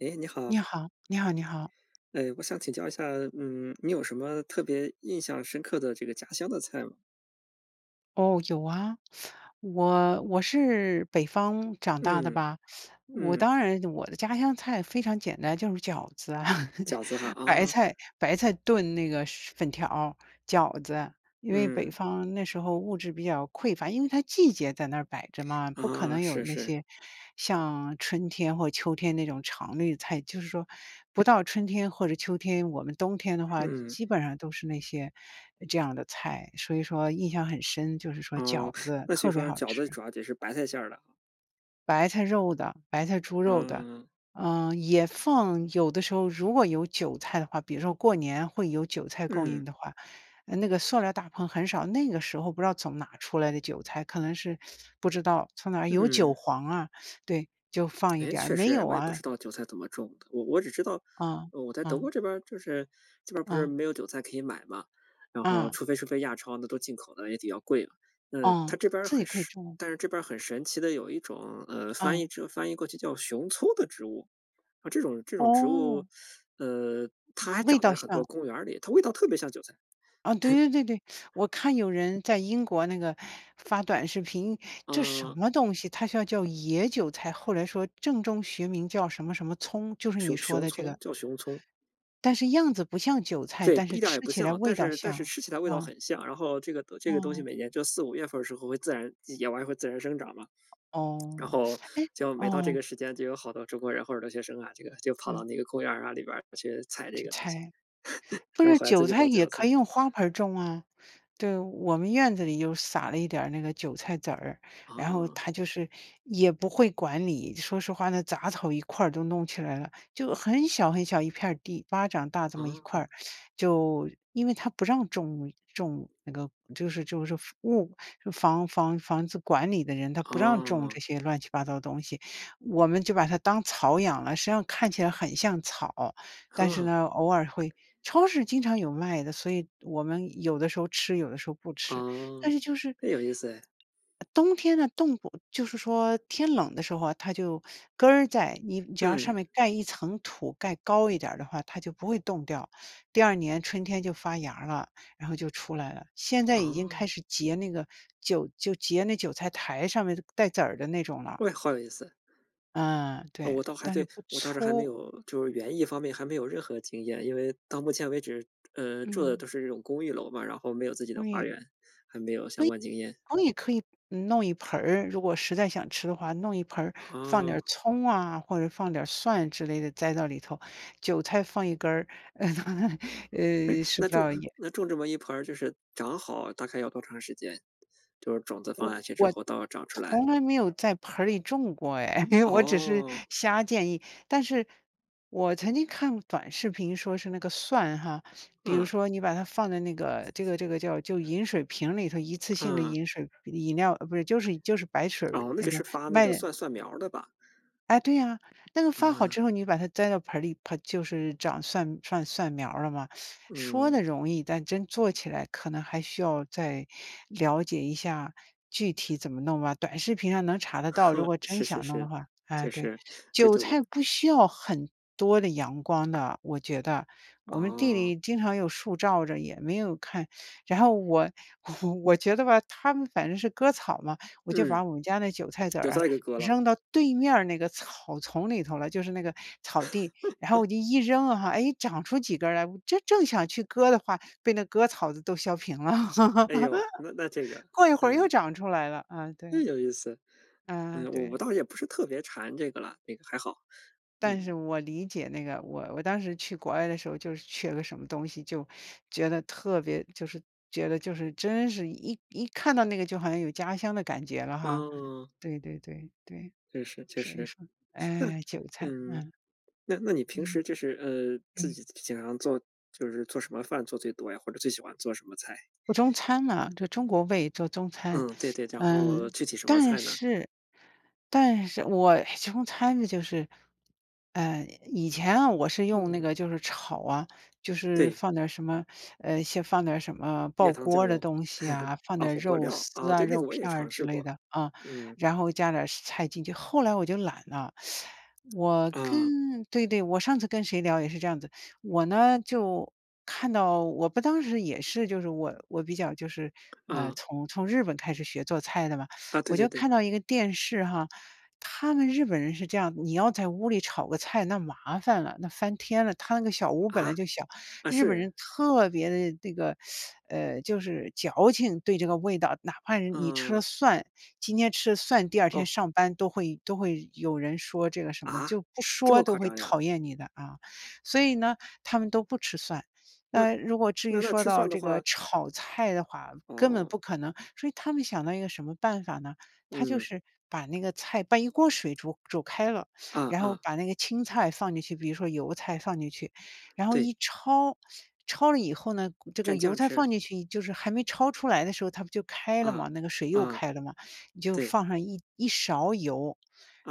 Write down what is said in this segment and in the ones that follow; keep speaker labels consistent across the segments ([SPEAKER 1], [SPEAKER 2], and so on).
[SPEAKER 1] 哎，你
[SPEAKER 2] 你
[SPEAKER 1] 好。
[SPEAKER 2] 好，你好你好。
[SPEAKER 1] 哎，我想请教一下，嗯，你有什么特别印象深刻的这个家乡的菜吗？
[SPEAKER 2] 哦，有啊。我我是北方长大的
[SPEAKER 1] 嗯，
[SPEAKER 2] 吧，我
[SPEAKER 1] 嗯。
[SPEAKER 2] 当然我的家乡菜非常简单，就是饺子啊，
[SPEAKER 1] 饺子哈，
[SPEAKER 2] 白
[SPEAKER 1] 啊。
[SPEAKER 2] 菜白菜炖那个粉条儿、饺子。因为北
[SPEAKER 1] 嗯。
[SPEAKER 2] 方那时候物质比较匮乏，因为它季节在那摆着嘛，不可
[SPEAKER 1] 啊，
[SPEAKER 2] 能有
[SPEAKER 1] 是
[SPEAKER 2] 那
[SPEAKER 1] 是。
[SPEAKER 2] 些，像春天或秋天那种常绿菜。就是说不到春天或者秋天，我们冬天的话，
[SPEAKER 1] 嗯。
[SPEAKER 2] 基本上都是那些这样的菜，所以说印象很深，就是说
[SPEAKER 1] 哦，
[SPEAKER 2] 饺 子，
[SPEAKER 1] 那所以
[SPEAKER 2] 特别
[SPEAKER 1] 说
[SPEAKER 2] 好
[SPEAKER 1] 饺子
[SPEAKER 2] 吃。
[SPEAKER 1] 主要也是白菜馅儿的啊。
[SPEAKER 2] 白菜肉的，白菜猪肉的。
[SPEAKER 1] 啊。
[SPEAKER 2] 呃，也放有的时候如果有韭菜的话，比如说过年会有韭菜供应
[SPEAKER 1] 嗯。
[SPEAKER 2] 的话，啊，那个塑料大棚很少，那个时候不知道从哪儿出来的韭菜，可能是不知道从哪儿有韭
[SPEAKER 1] 嗯。
[SPEAKER 2] 黄啊，对，就放一
[SPEAKER 1] 诶，
[SPEAKER 2] 点儿，
[SPEAKER 1] 确
[SPEAKER 2] 没
[SPEAKER 1] 实哎，
[SPEAKER 2] 有
[SPEAKER 1] 我也不知
[SPEAKER 2] 啊。
[SPEAKER 1] 道韭菜怎么种的。我我只知道，
[SPEAKER 2] 嗯，
[SPEAKER 1] 呃，我在德国
[SPEAKER 2] 嗯。
[SPEAKER 1] 这边儿，就是这边儿不是
[SPEAKER 2] 嗯。
[SPEAKER 1] 没有韭菜可以买吗，然后
[SPEAKER 2] 嗯。
[SPEAKER 1] 除非是非亚超的，都进口的也比较贵了。那它
[SPEAKER 2] 哦，
[SPEAKER 1] 这边儿
[SPEAKER 2] 自
[SPEAKER 1] 很
[SPEAKER 2] 己可以
[SPEAKER 1] 神
[SPEAKER 2] 种啊。
[SPEAKER 1] 但是这边儿很神奇的有一种，呃，翻译
[SPEAKER 2] 嗯。
[SPEAKER 1] 之翻译过去叫“熊葱”的植物，呃，这种这种植物，
[SPEAKER 2] 哦。
[SPEAKER 1] 呃，它还
[SPEAKER 2] 味
[SPEAKER 1] 长
[SPEAKER 2] 道
[SPEAKER 1] 在很多
[SPEAKER 2] 像。
[SPEAKER 1] 公园儿里，它味道特别像韭菜。
[SPEAKER 2] 啊对 对对对。我看有人在英国那个发短视频，这什
[SPEAKER 1] 嗯。
[SPEAKER 2] 么东西？它叫叫野韭菜，后来说正宗学名叫什么什么葱就是
[SPEAKER 1] 熊
[SPEAKER 2] 你说
[SPEAKER 1] 熊
[SPEAKER 2] 的这
[SPEAKER 1] 葱，
[SPEAKER 2] 个。
[SPEAKER 1] 叫“熊葱”。
[SPEAKER 2] 但是样子不像韭菜，
[SPEAKER 1] 对，
[SPEAKER 2] 但是
[SPEAKER 1] 一点儿也
[SPEAKER 2] 吃
[SPEAKER 1] 不
[SPEAKER 2] 起来
[SPEAKER 1] 像，但
[SPEAKER 2] 味道
[SPEAKER 1] 是但是
[SPEAKER 2] 像，
[SPEAKER 1] 吃起来味道
[SPEAKER 2] 嗯。
[SPEAKER 1] 很像，然后这个得这个东西
[SPEAKER 2] 嗯。
[SPEAKER 1] 每年就45月份儿的时候会自然野完会自然生长嘛。然
[SPEAKER 2] 哦，
[SPEAKER 1] 后
[SPEAKER 2] 唉
[SPEAKER 1] 就每到这
[SPEAKER 2] 嗯。
[SPEAKER 1] 个时间就有好多中国人或者留学生啊，这个就跑到
[SPEAKER 2] 嗯。
[SPEAKER 1] 那个公园啊，里边儿去采这
[SPEAKER 2] 韭
[SPEAKER 1] 个东西，
[SPEAKER 2] 菜，不
[SPEAKER 1] 然后
[SPEAKER 2] 是，
[SPEAKER 1] 回来自
[SPEAKER 2] 韭
[SPEAKER 1] 己
[SPEAKER 2] 菜
[SPEAKER 1] 包
[SPEAKER 2] 也
[SPEAKER 1] 饺
[SPEAKER 2] 可
[SPEAKER 1] 子。
[SPEAKER 2] 以用花盆儿种啊。对，我们院子里又撒了一点儿那个韭菜籽儿，然后
[SPEAKER 1] 啊。
[SPEAKER 2] 它就是，也不会管你，说实话呢，杂草一块儿都弄起来了，就很小很小一片儿地，巴掌大这么一块
[SPEAKER 1] 啊。
[SPEAKER 2] 儿。就，因为他不让种种那个就是就是房物就房房房子管理的人，他不让种
[SPEAKER 1] 哦。
[SPEAKER 2] 这些乱七八糟的东西，我们就把它当草养了，实际上看起来很像草。但是呢，偶尔 会超市经常有卖的，所以我们有的时候吃，有的时候不吃，但
[SPEAKER 1] 哦，
[SPEAKER 2] 是就是
[SPEAKER 1] 那有意思哎。
[SPEAKER 2] 呃冬天呢，冻不就是说，天冷的时候，它就根儿在，你只要上
[SPEAKER 1] 嗯。
[SPEAKER 2] 面盖一层土，盖高一点儿的话，它就不会冻掉。第二年春天就发芽儿了，然后就出来了，现在已经开
[SPEAKER 1] 哦。
[SPEAKER 2] 始结那个韭就结那韭菜苔上面带籽儿的那种了。
[SPEAKER 1] 为好有意思。
[SPEAKER 2] 呃，对，
[SPEAKER 1] 我倒还
[SPEAKER 2] 但是
[SPEAKER 1] 对
[SPEAKER 2] 不
[SPEAKER 1] 我倒是还没
[SPEAKER 2] 粗。
[SPEAKER 1] 有就是园艺方面还没有任何经验。因为到目前为止，呃，住的
[SPEAKER 2] 嗯。
[SPEAKER 1] 都是这种公寓楼嘛，然后没有自己的花
[SPEAKER 2] 味
[SPEAKER 1] 园，还没有
[SPEAKER 2] 可
[SPEAKER 1] 相
[SPEAKER 2] 以
[SPEAKER 1] 关经验。
[SPEAKER 2] 可以可以嗯弄一盆儿，如果实在想吃的话，弄一盆儿放点儿
[SPEAKER 1] 啊。
[SPEAKER 2] 葱啊，或者放点儿蒜之类的，栽到里头，韭菜放一根儿。
[SPEAKER 1] 诶，
[SPEAKER 2] 呃，吃
[SPEAKER 1] 那
[SPEAKER 2] 不
[SPEAKER 1] 种
[SPEAKER 2] 到也
[SPEAKER 1] 那种这么一盆儿就是长好大概要多长时间？就是种子放
[SPEAKER 2] 我
[SPEAKER 1] 下去之
[SPEAKER 2] 我
[SPEAKER 1] 后到长出来。
[SPEAKER 2] 从来没有在盆儿里种过哎，因为我只是
[SPEAKER 1] 哦。
[SPEAKER 2] 瞎建议。但是，我曾经看短视频说是那个蒜哈，比如
[SPEAKER 1] 嗯。
[SPEAKER 2] 说你把它放在那个这个这个叫就饮水瓶儿里头，一次性的
[SPEAKER 1] 嗯。
[SPEAKER 2] 饮水不饮料，哦，不对就是就是白水儿
[SPEAKER 1] 哦，那
[SPEAKER 2] 那
[SPEAKER 1] 个
[SPEAKER 2] 个，
[SPEAKER 1] 是发那
[SPEAKER 2] 卖
[SPEAKER 1] 个蒜蒜苗儿的吧。
[SPEAKER 2] 哎，对呀。那个发好
[SPEAKER 1] 嗯。
[SPEAKER 2] 之后你就把它栽到盆儿里，盆就是长蒜蒜蒜苗儿了嘛。说
[SPEAKER 1] 嗯。
[SPEAKER 2] 得容易，但真做起来可能还需要再了解一下具体怎么弄吧，短视频上能查得到，如 果真
[SPEAKER 1] 是是
[SPEAKER 2] 想弄的
[SPEAKER 1] 是，
[SPEAKER 2] 话，哎，
[SPEAKER 1] 就
[SPEAKER 2] 对。
[SPEAKER 1] 是这
[SPEAKER 2] 韭
[SPEAKER 1] 这我
[SPEAKER 2] 菜不需要很多的阳光的，我觉得。我们地
[SPEAKER 1] 哦。
[SPEAKER 2] 里经常有树照着也没有看，然后我我觉得吧他们反正是割草嘛，我就
[SPEAKER 1] 嗯，
[SPEAKER 2] 把我们家那韭菜 籽
[SPEAKER 1] 韭
[SPEAKER 2] 儿啊，
[SPEAKER 1] 菜给割了。
[SPEAKER 2] 扔到对面那个草丛里头了，就是那个草地，然后我就一 扔啊，诶，长出几根儿来，我这正想去割的话，被那割草子都削平了。
[SPEAKER 1] 哎呦，那那这个，
[SPEAKER 2] 过一会儿
[SPEAKER 1] 呃。
[SPEAKER 2] 又长出来了，啊，
[SPEAKER 1] 这
[SPEAKER 2] 对。
[SPEAKER 1] 有意思。
[SPEAKER 2] 嗯，
[SPEAKER 1] 嗯，我
[SPEAKER 2] 对。
[SPEAKER 1] 我倒也不是特别馋这个啦。那个还好，
[SPEAKER 2] 但是
[SPEAKER 1] 嗯。
[SPEAKER 2] 我理解那个，我我当时去国外的时候，就是缺了个什么东西，就觉得特别就是觉得就是真是一一看到那个，就好像有家乡的感觉了哈。
[SPEAKER 1] 嗯。
[SPEAKER 2] 对对对，对，
[SPEAKER 1] 确实确
[SPEAKER 2] 所以
[SPEAKER 1] 实。
[SPEAKER 2] 说，
[SPEAKER 1] 那
[SPEAKER 2] 哎，韭菜，
[SPEAKER 1] 嗯，
[SPEAKER 2] 嗯。
[SPEAKER 1] 那那你平
[SPEAKER 2] 嗯。
[SPEAKER 1] 时，就是，呃，自
[SPEAKER 2] 嗯。
[SPEAKER 1] 己经常做就是做什么饭，做最多呀，或者，最喜欢做什么菜？
[SPEAKER 2] 中餐呐，就中国胃，做中餐。
[SPEAKER 1] 嗯，对 对。然
[SPEAKER 2] 呃，
[SPEAKER 1] 后，具体什么
[SPEAKER 2] 但
[SPEAKER 1] 菜呢？
[SPEAKER 2] 是但是我哎，中餐呢，就是，呃以前啊，我是用那
[SPEAKER 1] 嗯。
[SPEAKER 2] 个就是炒啊，就是
[SPEAKER 1] 对。
[SPEAKER 2] 放点儿什么，呃，先放点儿什么爆
[SPEAKER 1] 盐、糖、酱
[SPEAKER 2] 锅的
[SPEAKER 1] 油，
[SPEAKER 2] 东西 啊，放
[SPEAKER 1] 啊，
[SPEAKER 2] 点儿
[SPEAKER 1] 火锅
[SPEAKER 2] 肉
[SPEAKER 1] 料，
[SPEAKER 2] 丝
[SPEAKER 1] 啊，
[SPEAKER 2] 啊，
[SPEAKER 1] 对，那
[SPEAKER 2] 肉
[SPEAKER 1] 个我也
[SPEAKER 2] 片
[SPEAKER 1] 尝
[SPEAKER 2] 之
[SPEAKER 1] 试
[SPEAKER 2] 类
[SPEAKER 1] 过，
[SPEAKER 2] 的，啊，
[SPEAKER 1] 嗯。
[SPEAKER 2] 然后加点儿菜进去。后来我就懒了，我跟
[SPEAKER 1] 嗯。
[SPEAKER 2] 对对，我上次跟谁聊也是这样子。我呢，就，看到我不当时也是，就是我我比较就是，呃，
[SPEAKER 1] 嗯。
[SPEAKER 2] 从从日本开始学做菜的嘛，
[SPEAKER 1] 啊，对
[SPEAKER 2] 我
[SPEAKER 1] 对
[SPEAKER 2] 就
[SPEAKER 1] 对。
[SPEAKER 2] 看到一个电视哈。他们日本人是这样，你要在屋里炒个菜那麻烦了，那翻天了，他那个小屋儿本来
[SPEAKER 1] 啊？
[SPEAKER 2] 就小，
[SPEAKER 1] 啊
[SPEAKER 2] 日本
[SPEAKER 1] 是。
[SPEAKER 2] 人特别地那个，呃，就是矫情，对这个味道，哪怕呃，你吃了
[SPEAKER 1] 嗯。
[SPEAKER 2] 蒜，今天吃了蒜，第二天
[SPEAKER 1] 哦。
[SPEAKER 2] 上班都会都会有人说这个什么，
[SPEAKER 1] 啊？
[SPEAKER 2] 就不
[SPEAKER 1] 这
[SPEAKER 2] 说
[SPEAKER 1] 么
[SPEAKER 2] 都
[SPEAKER 1] 夸
[SPEAKER 2] 会
[SPEAKER 1] 张呀？
[SPEAKER 2] 讨厌你的啊，所以呢，他们都不吃蒜。
[SPEAKER 1] 那，
[SPEAKER 2] 那如果至
[SPEAKER 1] 那
[SPEAKER 2] 于
[SPEAKER 1] 那
[SPEAKER 2] 说
[SPEAKER 1] 吃
[SPEAKER 2] 到
[SPEAKER 1] 蒜的
[SPEAKER 2] 这个
[SPEAKER 1] 话
[SPEAKER 2] 炒菜的话，根本
[SPEAKER 1] 哦。
[SPEAKER 2] 不可能，所以他们想到一个什么办法呢？他就
[SPEAKER 1] 嗯。
[SPEAKER 2] 是把那个菜把一锅水煮煮开了，
[SPEAKER 1] 嗯
[SPEAKER 2] 然后
[SPEAKER 1] 嗯。
[SPEAKER 2] 把那个青菜放进去。比如说油菜放进去，然后
[SPEAKER 1] 对。
[SPEAKER 2] 一抄，抄了以后呢，这
[SPEAKER 1] 沾
[SPEAKER 2] 个油
[SPEAKER 1] 酱
[SPEAKER 2] 菜
[SPEAKER 1] 吃。
[SPEAKER 2] 放进去就是还没抄出来的时候，它不就开了
[SPEAKER 1] 嗯，
[SPEAKER 2] 吗，那个水又
[SPEAKER 1] 嗯，
[SPEAKER 2] 开了吗，你就
[SPEAKER 1] 对。
[SPEAKER 2] 放上一一勺油。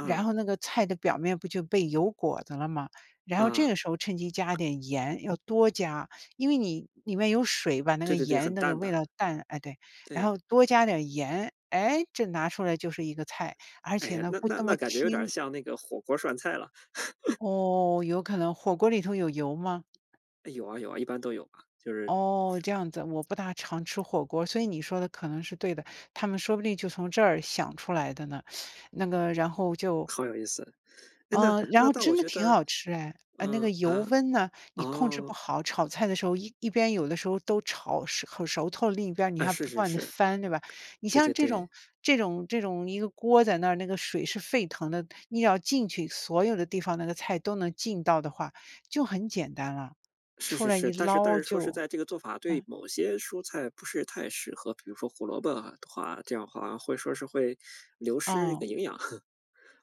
[SPEAKER 2] 然后那个菜的表面不就被油裹着了吗，然后这
[SPEAKER 1] 嗯。
[SPEAKER 2] 个时候趁机加点盐，要多加，因为你里面有水吧，那
[SPEAKER 1] 对
[SPEAKER 2] 个
[SPEAKER 1] 对对，
[SPEAKER 2] 盐
[SPEAKER 1] 很
[SPEAKER 2] 那个
[SPEAKER 1] 淡
[SPEAKER 2] 味
[SPEAKER 1] 的，
[SPEAKER 2] 道淡哎，对，然
[SPEAKER 1] 对。
[SPEAKER 2] 后多加点儿盐。诶，这拿出来就是一个菜，而
[SPEAKER 1] 哎
[SPEAKER 2] 且
[SPEAKER 1] 呀，
[SPEAKER 2] 呢
[SPEAKER 1] 那
[SPEAKER 2] 不
[SPEAKER 1] 那
[SPEAKER 2] 那
[SPEAKER 1] 那，
[SPEAKER 2] 么
[SPEAKER 1] 感觉有点儿
[SPEAKER 2] 清
[SPEAKER 1] 像那个火锅儿涮菜了。
[SPEAKER 2] 哦，有可能，火锅里头有油吗？
[SPEAKER 1] 有啊有啊，一般都有吧，就是
[SPEAKER 2] 哦，这样子，我不大常吃火锅。所以你说的可能是对的，他们说不定就从这儿想出来的呢。那个然后就
[SPEAKER 1] 好有意思。诶，那
[SPEAKER 2] 嗯，然
[SPEAKER 1] 那
[SPEAKER 2] 后
[SPEAKER 1] 但我
[SPEAKER 2] 真的
[SPEAKER 1] 觉
[SPEAKER 2] 挺
[SPEAKER 1] 得，
[SPEAKER 2] 好吃哎，呃，那个
[SPEAKER 1] 嗯
[SPEAKER 2] 油
[SPEAKER 1] 啊？
[SPEAKER 2] 温呐，你控制不
[SPEAKER 1] 哦。
[SPEAKER 2] 好，炒菜的时候一一边有的时候都炒熟很熟透，另一边儿你
[SPEAKER 1] 啊，
[SPEAKER 2] 要
[SPEAKER 1] 是
[SPEAKER 2] 不
[SPEAKER 1] 是
[SPEAKER 2] 断地
[SPEAKER 1] 是，
[SPEAKER 2] 翻，对吧？你
[SPEAKER 1] 对
[SPEAKER 2] 像
[SPEAKER 1] 对
[SPEAKER 2] 这种
[SPEAKER 1] 对。
[SPEAKER 2] 这种这种一个锅在那儿，那个水是沸腾的，你要浸去所有的地方那个菜都能浸到的话，就很简单了，
[SPEAKER 1] 是
[SPEAKER 2] 出
[SPEAKER 1] 是
[SPEAKER 2] 来
[SPEAKER 1] 是，
[SPEAKER 2] 一
[SPEAKER 1] 但是但
[SPEAKER 2] 捞
[SPEAKER 1] 是说实
[SPEAKER 2] 就
[SPEAKER 1] 在这个做法对
[SPEAKER 2] 嗯。
[SPEAKER 1] 某些蔬菜不是太适合，比如说胡萝卜的话这样话会说是会流失一
[SPEAKER 2] 哦。
[SPEAKER 1] 个营养，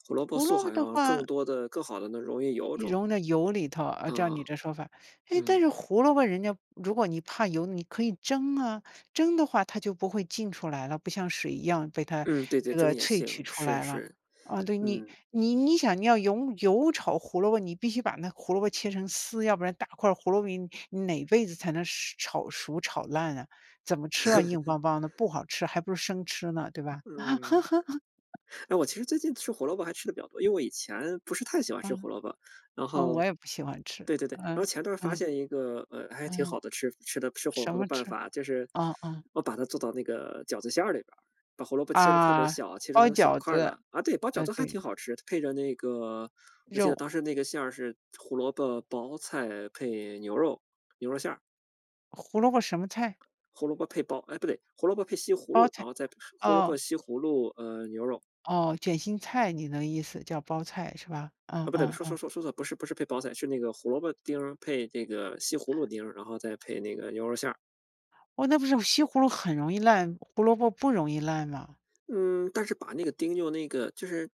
[SPEAKER 1] 胡萝卜
[SPEAKER 2] 胡
[SPEAKER 1] 素
[SPEAKER 2] 萝卜
[SPEAKER 1] 好
[SPEAKER 2] 的
[SPEAKER 1] 像
[SPEAKER 2] 话
[SPEAKER 1] 更多地更好地能溶于油
[SPEAKER 2] 一
[SPEAKER 1] 中。
[SPEAKER 2] 溶在油里头，啊，照你
[SPEAKER 1] 嗯，
[SPEAKER 2] 这说法。诶，但
[SPEAKER 1] 嗯。
[SPEAKER 2] 是胡萝卜人家如果你怕油，你可以蒸啊，蒸的话它就不会浸出来了，不像水一样被它
[SPEAKER 1] 嗯，对对，
[SPEAKER 2] 这
[SPEAKER 1] 蒸
[SPEAKER 2] 个
[SPEAKER 1] 也
[SPEAKER 2] 萃
[SPEAKER 1] 行，
[SPEAKER 2] 取出
[SPEAKER 1] 是
[SPEAKER 2] 来了。
[SPEAKER 1] 是，
[SPEAKER 2] 啊对，你
[SPEAKER 1] 嗯。
[SPEAKER 2] 你你-想你要油油炒胡萝卜，你必须把那胡萝卜切成丝，要不然大块儿胡萝卜你你哪辈子才能熟炒熟、炒烂啊？怎么吃啊，硬梆 梆的，不好吃，还不如生吃呢，对吧？
[SPEAKER 1] 嗯。呃，我其实最近吃胡萝卜还吃得比较多，因为我以前不是太喜欢吃胡
[SPEAKER 2] 嗯，
[SPEAKER 1] 萝卜。然
[SPEAKER 2] 嗯，我
[SPEAKER 1] 后
[SPEAKER 2] 也不喜欢吃，
[SPEAKER 1] 对对对，然后
[SPEAKER 2] 嗯，
[SPEAKER 1] 前段儿发
[SPEAKER 2] 嗯。
[SPEAKER 1] 现一个呃，还挺
[SPEAKER 2] 嗯，
[SPEAKER 1] 好的，吃吃的吃火
[SPEAKER 2] 什
[SPEAKER 1] 锅的
[SPEAKER 2] 么
[SPEAKER 1] 办
[SPEAKER 2] 吃？
[SPEAKER 1] 法，就是
[SPEAKER 2] 哦哦。
[SPEAKER 1] 我把它做到那个饺子馅儿里边，把胡萝卜切得特别
[SPEAKER 2] 啊，
[SPEAKER 1] 小，切
[SPEAKER 2] 包
[SPEAKER 1] 成小
[SPEAKER 2] 饺
[SPEAKER 1] 块儿
[SPEAKER 2] 子，
[SPEAKER 1] 的。啊，对，包饺
[SPEAKER 2] 呃，
[SPEAKER 1] 子还
[SPEAKER 2] 对。
[SPEAKER 1] 挺好吃，配着那个我记得
[SPEAKER 2] 肉。
[SPEAKER 1] 当时那个馅儿是胡萝卜包菜配牛肉牛肉馅儿。
[SPEAKER 2] 胡萝卜什么菜？
[SPEAKER 1] 胡萝卜配包哎，不对，胡萝卜配西葫
[SPEAKER 2] 包
[SPEAKER 1] 芦，然
[SPEAKER 2] 菜。
[SPEAKER 1] 后再配胡萝卜、
[SPEAKER 2] 哦。
[SPEAKER 1] 西葫芦，呃，牛肉。
[SPEAKER 2] 哦，卷心菜，你的意思，叫包菜是吧？嗯
[SPEAKER 1] 啊，不对，
[SPEAKER 2] 嗯
[SPEAKER 1] 说说
[SPEAKER 2] 嗯。
[SPEAKER 1] 说说错，不是不是配包菜，是那个胡萝卜丁儿配那个西葫芦丁儿，然后再配那个牛肉馅儿。
[SPEAKER 2] 哇，那不是西葫芦很容易烂，胡萝卜不容易烂吗？
[SPEAKER 1] 嗯，但是把那个丁用那个就是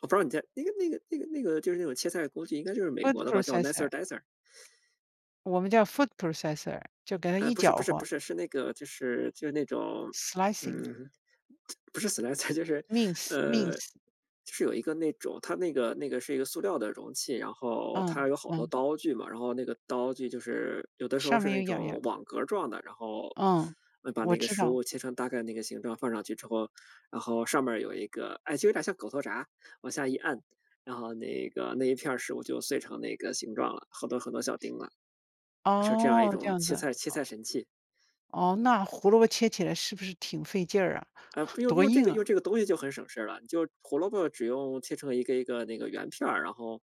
[SPEAKER 1] 我不知道你在那个那个那个那个，就是那种切菜工具应该就是美国
[SPEAKER 2] Food
[SPEAKER 1] 的吧，叫 nicer
[SPEAKER 2] processor。
[SPEAKER 1] dicer。
[SPEAKER 2] 我们叫 food processor。就给它
[SPEAKER 1] 呃，
[SPEAKER 2] 一
[SPEAKER 1] 不是不
[SPEAKER 2] 搅
[SPEAKER 1] 是不
[SPEAKER 2] 和。
[SPEAKER 1] 是，是那个就是就那种，
[SPEAKER 2] Slicing。
[SPEAKER 1] 嗯，不是 slicer，就是，呃，
[SPEAKER 2] Mince，mince。
[SPEAKER 1] 就是有一个那种它那个那个是一个塑料的容器，然后
[SPEAKER 2] 嗯，
[SPEAKER 1] 它有好多
[SPEAKER 2] 嗯。
[SPEAKER 1] 刀具嘛，然后那个刀具就是有的时候
[SPEAKER 2] 上
[SPEAKER 1] 是
[SPEAKER 2] 面有
[SPEAKER 1] 那
[SPEAKER 2] 眼儿眼。
[SPEAKER 1] 种网格儿状的，然后
[SPEAKER 2] 嗯，
[SPEAKER 1] 把
[SPEAKER 2] 我
[SPEAKER 1] 那个
[SPEAKER 2] 知
[SPEAKER 1] 食
[SPEAKER 2] 道。
[SPEAKER 1] 物切成大概那个形状放上去之后，然后上面儿有一个哎，就有点像狗头闸，往下一按，然后那个那一片儿食物就碎成那个形状了，好多好多小丁了。是这样一
[SPEAKER 2] 哦，这
[SPEAKER 1] 种
[SPEAKER 2] 样子。
[SPEAKER 1] 切菜切
[SPEAKER 2] 哦。
[SPEAKER 1] 菜神器。
[SPEAKER 2] 哦，那胡萝卜切起来是不是挺费劲儿啊，
[SPEAKER 1] 啊，不用，
[SPEAKER 2] 多
[SPEAKER 1] 用这
[SPEAKER 2] 硬
[SPEAKER 1] 个
[SPEAKER 2] 啊。
[SPEAKER 1] 用这个东西就很省事儿了，就胡萝卜只用切成一个一个那个圆片儿，然后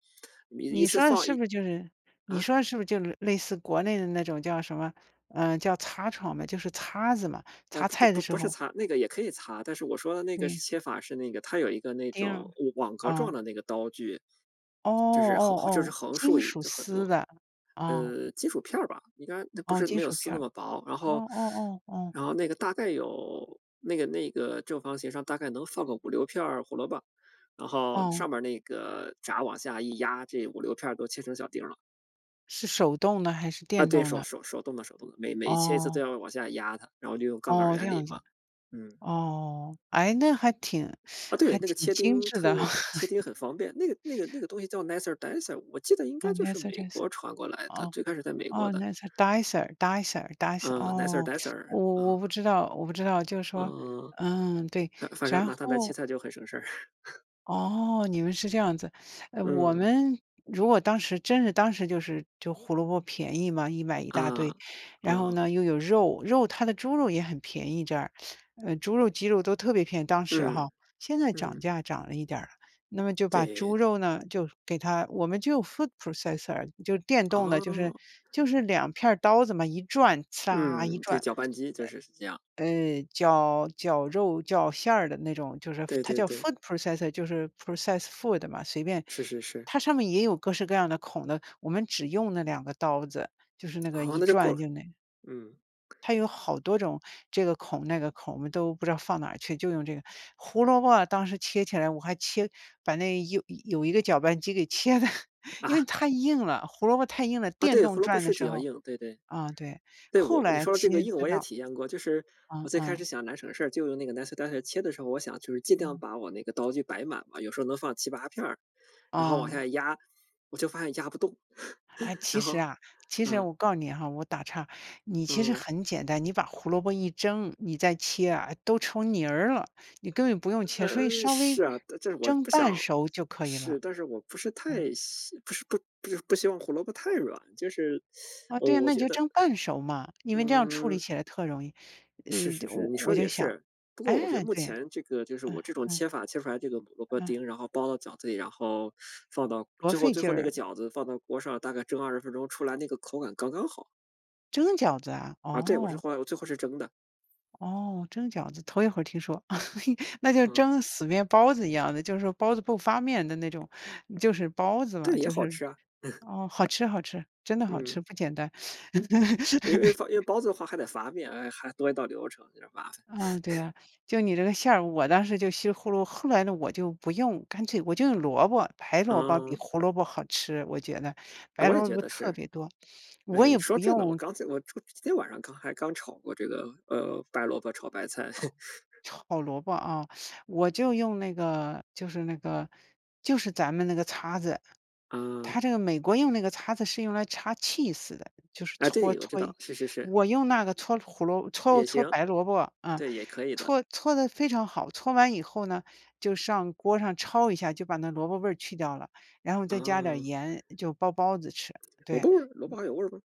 [SPEAKER 1] 你一
[SPEAKER 2] 你
[SPEAKER 1] 次
[SPEAKER 2] 说的
[SPEAKER 1] 放
[SPEAKER 2] 是
[SPEAKER 1] 一
[SPEAKER 2] 不是就是你
[SPEAKER 1] 啊？
[SPEAKER 2] 说的是不是就类似国内的那种叫什么，呃，叫擦床嘛，就是擦子嘛，
[SPEAKER 1] 呃
[SPEAKER 2] 擦
[SPEAKER 1] 不不
[SPEAKER 2] 菜
[SPEAKER 1] 不
[SPEAKER 2] 的时
[SPEAKER 1] 不是
[SPEAKER 2] 候
[SPEAKER 1] 擦，那个也可以擦。但是我说的那个是
[SPEAKER 2] 对。
[SPEAKER 1] 切法，是那个它有一个那
[SPEAKER 2] 丁
[SPEAKER 1] 种
[SPEAKER 2] 儿。
[SPEAKER 1] 网格儿状
[SPEAKER 2] 哦。
[SPEAKER 1] 的那个刀具，
[SPEAKER 2] 哦
[SPEAKER 1] 就是横
[SPEAKER 2] 哦
[SPEAKER 1] 横就是
[SPEAKER 2] 哦，
[SPEAKER 1] 横竖
[SPEAKER 2] 金
[SPEAKER 1] 已
[SPEAKER 2] 属
[SPEAKER 1] 就很
[SPEAKER 2] 丝
[SPEAKER 1] 多，
[SPEAKER 2] 的，哦。
[SPEAKER 1] 呃，金属片儿吧，应该那不
[SPEAKER 2] 哦，
[SPEAKER 1] 是
[SPEAKER 2] 金
[SPEAKER 1] 没有
[SPEAKER 2] 属
[SPEAKER 1] 丝
[SPEAKER 2] 片
[SPEAKER 1] 那
[SPEAKER 2] 儿，
[SPEAKER 1] 么薄。然
[SPEAKER 2] 哦
[SPEAKER 1] 后
[SPEAKER 2] 哦哦哦。
[SPEAKER 1] 然后那个大概有那个那个正方形上大概能放个56片儿胡萝卜，然后
[SPEAKER 2] 哦。
[SPEAKER 1] 上面儿那个闸往下一压，这56片儿都切成小丁儿了。
[SPEAKER 2] 是手动的还是
[SPEAKER 1] 啊
[SPEAKER 2] 电
[SPEAKER 1] 对，
[SPEAKER 2] 动
[SPEAKER 1] 手
[SPEAKER 2] 的？
[SPEAKER 1] 手手动的手动的，每每切一次都
[SPEAKER 2] 哦。
[SPEAKER 1] 要往下压它，然后就用杠杆儿
[SPEAKER 2] 哦，这
[SPEAKER 1] 原理
[SPEAKER 2] 样
[SPEAKER 1] 嘛，
[SPEAKER 2] 子。
[SPEAKER 1] 嗯。
[SPEAKER 2] 哦。诶，那还挺
[SPEAKER 1] 啊
[SPEAKER 2] 还
[SPEAKER 1] 对，那个
[SPEAKER 2] 挺
[SPEAKER 1] 切
[SPEAKER 2] 精
[SPEAKER 1] 丁
[SPEAKER 2] 致的哈。
[SPEAKER 1] 特切丁 很方便，那个那个那个东西叫 nicer dicer，我记得应
[SPEAKER 2] 呃，
[SPEAKER 1] 该就是
[SPEAKER 2] Nicer
[SPEAKER 1] 美国
[SPEAKER 2] Dicer。
[SPEAKER 1] 传过来的，
[SPEAKER 2] 哦，
[SPEAKER 1] 最开始在美国
[SPEAKER 2] 哦，
[SPEAKER 1] 的。
[SPEAKER 2] nicer dicer dicer dicer，
[SPEAKER 1] 嗯，Nicer
[SPEAKER 2] 哦，
[SPEAKER 1] Dicer，
[SPEAKER 2] 我我不
[SPEAKER 1] 啊。
[SPEAKER 2] 知道我不知道，就是说，
[SPEAKER 1] 嗯。
[SPEAKER 2] 嗯，对，
[SPEAKER 1] 呃，反正
[SPEAKER 2] 然
[SPEAKER 1] 拿它来切
[SPEAKER 2] 后
[SPEAKER 1] 菜就很省事儿。
[SPEAKER 2] 哦，你们是这样子。呃，我
[SPEAKER 1] 嗯。
[SPEAKER 2] 们如果当时真是当时就是就胡萝卜便宜嘛，一买一大堆，
[SPEAKER 1] 嗯，
[SPEAKER 2] 然后
[SPEAKER 1] 嗯。
[SPEAKER 2] 呢又有肉，肉它的猪肉也很便宜这儿，呃，猪肉鸡肉都特别便宜，当时哈，
[SPEAKER 1] 嗯，
[SPEAKER 2] 现在涨
[SPEAKER 1] 嗯。
[SPEAKER 2] 价涨了一点儿了。那么就把猪
[SPEAKER 1] 对。
[SPEAKER 2] 肉呢就给它，我们就 food processor，就是电动的，就是
[SPEAKER 1] 哦。
[SPEAKER 2] 就是2片儿刀子嘛一转，刺啦，一
[SPEAKER 1] 嗯，对，
[SPEAKER 2] 转，
[SPEAKER 1] 搅拌机就是是这样。
[SPEAKER 2] 呃，绞绞肉绞馅儿的那种，就是 F
[SPEAKER 1] 对
[SPEAKER 2] 它
[SPEAKER 1] 对
[SPEAKER 2] 叫
[SPEAKER 1] 对。
[SPEAKER 2] food processor，就是 process food 嘛，随便
[SPEAKER 1] 是是是。
[SPEAKER 2] 它上面也有各式各样的孔的，我们只用那2个刀子，就是那个
[SPEAKER 1] 哦，
[SPEAKER 2] 一
[SPEAKER 1] 那就够
[SPEAKER 2] 转
[SPEAKER 1] 了，
[SPEAKER 2] 就那个
[SPEAKER 1] 嗯。
[SPEAKER 2] 它有好多种这个孔、那个孔，我们都不知道放哪去，就用这个。胡萝卜当时切起来，我还切把那有有一个搅拌机给切得，因为
[SPEAKER 1] 啊？
[SPEAKER 2] 太硬了，胡萝卜太硬了，
[SPEAKER 1] 啊
[SPEAKER 2] 电
[SPEAKER 1] 对，胡
[SPEAKER 2] 动
[SPEAKER 1] 萝卜
[SPEAKER 2] 转的
[SPEAKER 1] 是比
[SPEAKER 2] 时
[SPEAKER 1] 较
[SPEAKER 2] 候
[SPEAKER 1] 硬，对对。
[SPEAKER 2] 啊，对，
[SPEAKER 1] 对，
[SPEAKER 2] 后
[SPEAKER 1] 我你
[SPEAKER 2] 来
[SPEAKER 1] 说的这个
[SPEAKER 2] 切
[SPEAKER 1] 硬
[SPEAKER 2] 知
[SPEAKER 1] 我也
[SPEAKER 2] 道
[SPEAKER 1] 体验过，就是
[SPEAKER 2] 嗯
[SPEAKER 1] 我最开始
[SPEAKER 2] 嗯。
[SPEAKER 1] 想拿省事，就用那个 nicer dicer 切的时候，我想就是尽量
[SPEAKER 2] 嗯。
[SPEAKER 1] 把我那个刀具摆满了，有时候能放7-8片儿，然后往
[SPEAKER 2] 哦。
[SPEAKER 1] 下压，我就发现压不动，
[SPEAKER 2] 哎，其
[SPEAKER 1] 然
[SPEAKER 2] 实
[SPEAKER 1] 后
[SPEAKER 2] 啊其实
[SPEAKER 1] 嗯。
[SPEAKER 2] 我告诉你哈，我打岔，你其实
[SPEAKER 1] 嗯。
[SPEAKER 2] 很简单，你把胡萝卜一蒸，你再切啊都成泥儿了，你根本就不用切，所以
[SPEAKER 1] 嗯，
[SPEAKER 2] 稍微
[SPEAKER 1] 是啊，这这是我
[SPEAKER 2] 蒸
[SPEAKER 1] 不想
[SPEAKER 2] 半熟就可以了，
[SPEAKER 1] 试，但是我不是
[SPEAKER 2] 嗯。
[SPEAKER 1] 太希不是不不希望胡萝卜太软，就是
[SPEAKER 2] 啊
[SPEAKER 1] 我
[SPEAKER 2] 对啊，
[SPEAKER 1] 我
[SPEAKER 2] 那你
[SPEAKER 1] 觉
[SPEAKER 2] 就
[SPEAKER 1] 得
[SPEAKER 2] 蒸半熟嘛，因为这样处理
[SPEAKER 1] 嗯。
[SPEAKER 2] 起来特容易，呃，
[SPEAKER 1] 是是是，
[SPEAKER 2] 我
[SPEAKER 1] 你
[SPEAKER 2] 我
[SPEAKER 1] 说得
[SPEAKER 2] 就
[SPEAKER 1] 也
[SPEAKER 2] 想，
[SPEAKER 1] 是。不
[SPEAKER 2] 唉，
[SPEAKER 1] 过我觉得目
[SPEAKER 2] 对。
[SPEAKER 1] 前这个就是
[SPEAKER 2] 嗯，
[SPEAKER 1] 我这种
[SPEAKER 2] 嗯。
[SPEAKER 1] 切法切出来这个萝卜
[SPEAKER 2] 嗯。
[SPEAKER 1] 丁，然后包到饺子里，然后放到
[SPEAKER 2] 多
[SPEAKER 1] 最后
[SPEAKER 2] 费
[SPEAKER 1] 最
[SPEAKER 2] 劲
[SPEAKER 1] 后那
[SPEAKER 2] 儿
[SPEAKER 1] 个
[SPEAKER 2] 啊。
[SPEAKER 1] 饺子放到锅上，大概蒸20分钟出来那个口感刚刚好。
[SPEAKER 2] 蒸饺子啊！
[SPEAKER 1] 啊，对，我是
[SPEAKER 2] 哦。
[SPEAKER 1] 后来我最后是蒸的。
[SPEAKER 2] 哦，蒸饺子，头一回儿听说。那就
[SPEAKER 1] 嗯。
[SPEAKER 2] 蒸死面包子一样的，就是说包子不发面的那种，就是包子嘛，
[SPEAKER 1] 这也
[SPEAKER 2] 就
[SPEAKER 1] 好
[SPEAKER 2] 是
[SPEAKER 1] 吃啊！
[SPEAKER 2] 哦，好吃好吃，真的好
[SPEAKER 1] 嗯。
[SPEAKER 2] 吃，不简单。
[SPEAKER 1] 因为 发因为包子的话还得发面，哎，还多一道流程，有点儿麻烦。
[SPEAKER 2] 啊，对 呀。就你这个馅儿我当时就西葫芦后来呢我就不用，干脆我就用萝卜。白萝卜比
[SPEAKER 1] 嗯。
[SPEAKER 2] 胡萝卜好吃，我觉得。白
[SPEAKER 1] 我也
[SPEAKER 2] 萝
[SPEAKER 1] 觉
[SPEAKER 2] 卜
[SPEAKER 1] 得
[SPEAKER 2] 特
[SPEAKER 1] 是。
[SPEAKER 2] 别多，
[SPEAKER 1] 哎，
[SPEAKER 2] 我也
[SPEAKER 1] 你说
[SPEAKER 2] 不
[SPEAKER 1] 这呢，我
[SPEAKER 2] 用
[SPEAKER 1] 刚才我我就今天晚上刚还刚炒过这个，呃，白萝卜炒白菜。
[SPEAKER 2] 炒萝卜啊，我就用那个就是那个就是咱们那个擦子。
[SPEAKER 1] 啊。
[SPEAKER 2] 它这个美国用那个擦子是用来擦 cheese 的，就是
[SPEAKER 1] 啊，
[SPEAKER 2] 搓
[SPEAKER 1] 对，我知道，
[SPEAKER 2] 搓。
[SPEAKER 1] 是是是。
[SPEAKER 2] 我用那个搓胡萝搓
[SPEAKER 1] 也
[SPEAKER 2] 搓
[SPEAKER 1] 行。
[SPEAKER 2] 白萝卜，嗯，
[SPEAKER 1] 对，也可以的。
[SPEAKER 2] 戳搓得非常好，搓完以后呢就上锅上焯一下，就把那萝卜味儿去掉了。然后再加点
[SPEAKER 1] 哦。
[SPEAKER 2] 盐，就包包子吃，
[SPEAKER 1] 萝
[SPEAKER 2] 对。
[SPEAKER 1] 卜味儿？萝卜还有味儿吗？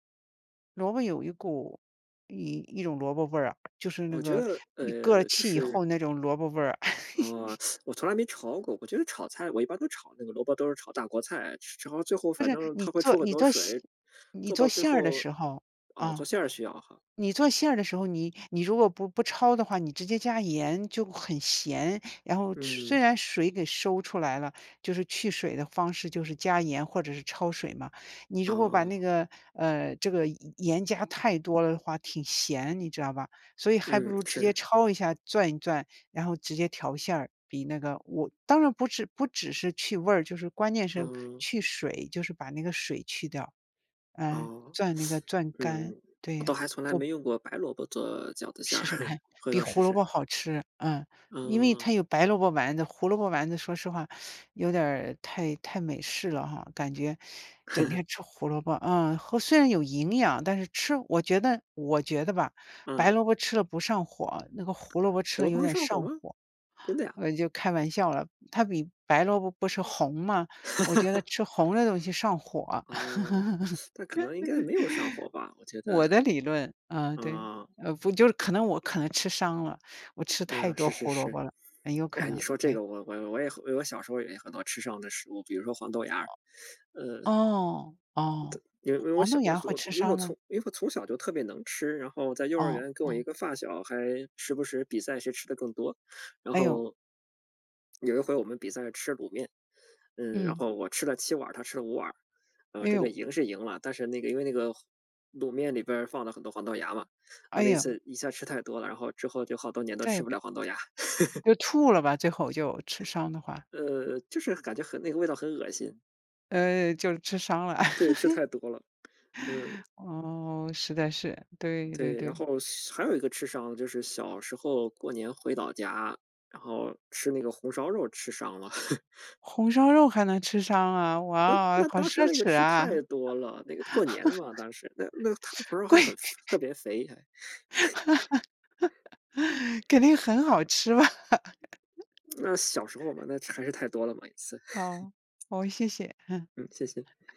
[SPEAKER 2] 萝卜有一股一一种萝卜味儿啊，就是那
[SPEAKER 1] 我觉
[SPEAKER 2] 个
[SPEAKER 1] 得，
[SPEAKER 2] 你搁儿
[SPEAKER 1] 呃，就
[SPEAKER 2] 气以
[SPEAKER 1] 是
[SPEAKER 2] 后那种萝卜味儿啊。
[SPEAKER 1] 哦，我从来没焯过。我觉得炒菜我一般都炒那个萝卜，都是炒大锅菜，之之后最后
[SPEAKER 2] 不
[SPEAKER 1] 反
[SPEAKER 2] 是，
[SPEAKER 1] 正
[SPEAKER 2] 你
[SPEAKER 1] 它会
[SPEAKER 2] 做
[SPEAKER 1] 出很
[SPEAKER 2] 你
[SPEAKER 1] 多
[SPEAKER 2] 做喜
[SPEAKER 1] 水，
[SPEAKER 2] 你
[SPEAKER 1] 做
[SPEAKER 2] 做
[SPEAKER 1] 到最
[SPEAKER 2] 馅儿的
[SPEAKER 1] 后
[SPEAKER 2] 时候，
[SPEAKER 1] 啊，
[SPEAKER 2] 啊，
[SPEAKER 1] 做馅儿需要哈。
[SPEAKER 2] 你做馅儿的时候，你你如果不不焯的话，你直接加盐就会很咸，然后吃虽
[SPEAKER 1] 嗯。
[SPEAKER 2] 然水给收出来了，就是去水的方式就是加盐或者是焯水嘛。你如果把那
[SPEAKER 1] 哦。
[SPEAKER 2] 个，呃，这个盐加太多了的话，挺咸，你知道吧？所以还不
[SPEAKER 1] 嗯，
[SPEAKER 2] 如直接
[SPEAKER 1] 是。
[SPEAKER 2] 焯一下、攥一攥，然后直接调馅儿，比那个我当然不只不只是去味儿，就是关键是
[SPEAKER 1] 嗯。
[SPEAKER 2] 去水，就是把那个水去掉。呃，
[SPEAKER 1] 哦，
[SPEAKER 2] 攥那个攥 干，
[SPEAKER 1] 嗯，我
[SPEAKER 2] 对，
[SPEAKER 1] 倒还从来
[SPEAKER 2] 做
[SPEAKER 1] 没用过白萝卜做饺子馅儿，
[SPEAKER 2] 试试看。
[SPEAKER 1] 回
[SPEAKER 2] 比
[SPEAKER 1] 头试
[SPEAKER 2] 胡萝
[SPEAKER 1] 试。
[SPEAKER 2] 卜好吃，嗯。
[SPEAKER 1] 嗯
[SPEAKER 2] 因为
[SPEAKER 1] 嗯
[SPEAKER 2] 它
[SPEAKER 1] 嗯。
[SPEAKER 2] 有白萝卜丸子，胡萝卜丸子说实话 有点儿太太美式了哈，感觉 整 天吃胡萝卜，呃，和虽然有营养，但是吃我觉得我觉得吧，白
[SPEAKER 1] 嗯。
[SPEAKER 2] 萝卜吃了不上火，那个胡萝卜吃
[SPEAKER 1] 胡
[SPEAKER 2] 了
[SPEAKER 1] 萝卜
[SPEAKER 2] 有
[SPEAKER 1] 会
[SPEAKER 2] 点
[SPEAKER 1] 上火
[SPEAKER 2] 上
[SPEAKER 1] 吗？
[SPEAKER 2] 火。
[SPEAKER 1] 真的呀？
[SPEAKER 2] 我就开玩笑了，它比白萝卜不是红吗？我觉得 吃红的东西上火。
[SPEAKER 1] 哦。那可能应该没有上火吧，我觉得。
[SPEAKER 2] 我的理论，嗯，对，
[SPEAKER 1] 哦。
[SPEAKER 2] 呃，不就是可能我可能吃伤了，我吃太
[SPEAKER 1] 嗯，
[SPEAKER 2] 多
[SPEAKER 1] 是是
[SPEAKER 2] 胡萝
[SPEAKER 1] 是。
[SPEAKER 2] 卜了，很有可
[SPEAKER 1] 哎，你
[SPEAKER 2] 能，
[SPEAKER 1] 说这
[SPEAKER 2] 对。
[SPEAKER 1] 个，我我我也后我小时候也有很多吃伤的食物，比如说黄豆芽儿，呃
[SPEAKER 2] 哦，
[SPEAKER 1] 的
[SPEAKER 2] 哦，
[SPEAKER 1] 因为因为我
[SPEAKER 2] 黄
[SPEAKER 1] 小
[SPEAKER 2] 豆
[SPEAKER 1] 我
[SPEAKER 2] 芽儿
[SPEAKER 1] 做
[SPEAKER 2] 会
[SPEAKER 1] 我
[SPEAKER 2] 吃
[SPEAKER 1] 做因为我
[SPEAKER 2] 伤吗？
[SPEAKER 1] 从因为我从小就特别能吃，然后在幼儿园
[SPEAKER 2] 哦
[SPEAKER 1] 儿跟我一
[SPEAKER 2] 哦。
[SPEAKER 1] 个发小，还时不时比赛谁吃得更多，然
[SPEAKER 2] 哎呦。
[SPEAKER 1] 后有一回我们比赛吃卤面，嗯，然
[SPEAKER 2] 嗯。
[SPEAKER 1] 后我吃了7碗儿，他吃了5碗儿。嗯，
[SPEAKER 2] 哎
[SPEAKER 1] 这个
[SPEAKER 2] 呦。
[SPEAKER 1] 赢是赢了，但是那个因为那个后卤面里边放了很多黄豆芽嘛，我
[SPEAKER 2] 哎
[SPEAKER 1] 那
[SPEAKER 2] 呦。
[SPEAKER 1] 次一下吃太多了，然后之后就好多年都
[SPEAKER 2] 再也
[SPEAKER 1] 吃不
[SPEAKER 2] 不
[SPEAKER 1] 了
[SPEAKER 2] 要
[SPEAKER 1] 黄豆芽。
[SPEAKER 2] 就吐了吧最后就，吃伤的话。
[SPEAKER 1] 呃，就是感觉很那个味道很恶心。
[SPEAKER 2] 呃，就吃伤了。
[SPEAKER 1] 对，吃太多了，嗯。
[SPEAKER 2] 哦，实在是，对对
[SPEAKER 1] 对，然
[SPEAKER 2] 对。
[SPEAKER 1] 后许还有一个吃伤就是小时候过年回老家，然后吃那个红烧肉吃伤了。
[SPEAKER 2] 红烧肉还能吃伤啊，
[SPEAKER 1] 那
[SPEAKER 2] 哇哦！
[SPEAKER 1] 那
[SPEAKER 2] 好
[SPEAKER 1] 当时
[SPEAKER 2] 奢
[SPEAKER 1] 那个
[SPEAKER 2] 侈
[SPEAKER 1] 吃太
[SPEAKER 2] 啊！
[SPEAKER 1] 多了，那个过年嘛，当时。那那它红烧 肉还
[SPEAKER 2] 贵！
[SPEAKER 1] 很肥特 别肥还。
[SPEAKER 2] 肯定很好吃吧。
[SPEAKER 1] 那小时候嘛，那它还是太多了嘛一次。
[SPEAKER 2] 好，哦，谢谢。
[SPEAKER 1] 嗯，谢谢。